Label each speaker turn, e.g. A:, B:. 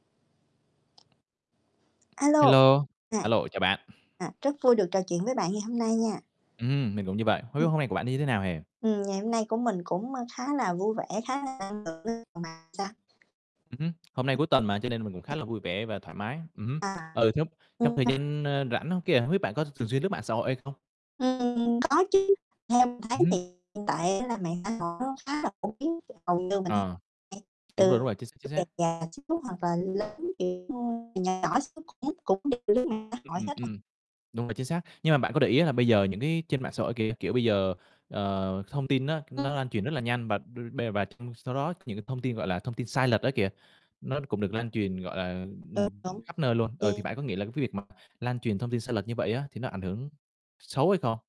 A: A lô.
B: Hello,
A: À.
B: a lô, chào bạn.
A: À, rất vui được trò chuyện với bạn ngày hôm nay nha.
B: Ừm hưm, mình cũng như bạn. Hông biết
A: Ừm.
B: hôm nay của bạn như thế nào ha?
A: Ừm, ngày hôm nay của mình cũng, ơ, khá là vui vẻ, khá là [unintelligible]
B: Ừm hứm, hôm nay cuối tuần mà cho nên mình cũng khá
A: [unintelligible]
B: là vui vẻ và thoải mái. Ừm hứm,
A: À
B: ừ, [unintelligible] trong thời
A: [unintelligible]
B: gian, ơ, rảnh á kìa, hông biết bạn có thường xuyên lướt mạng xã hội hay không?
A: Ừm, có chứ, theo mình thấy
B: Ừm
A: thì
B: hứm.
A: hiện tại á là mạng xã hội [unintelligible] khá là phổ biến [unintelligible] hầu như mình thấy
B: À,
A: [unintelligible]
B: đúng rồi, đúng rồi, chính xác, chính
A: nh
B: xác.
A: nhỏ xíu cũng cũng đều lướt mạng xã hội
B: Ừm,
A: hết à.
B: ừm, đúng rồi, chính xác. Nhưng mà bạn có để ý là bây giờ những cái trên mạng xã hội kìa, các kiểu, bây giờ, ờ, thông tin nó nó
A: [unintelligible]
B: lan truyền rất là nhanh bà b be và trong sau đó những cái thông tin, gọi là, thông tin sai lệch á kìa, nó cũng được lan truyền, gọi là, ừm,
A: [unintelligible] Đúng,
B: khắp nơi luôn. Ờ, thì
A: [unintelligible]
B: bạn có nghĩ là cái việc mà lan truyền thông tin sai lệch như vậy á thì nó ảnh hưởng xấu hay không?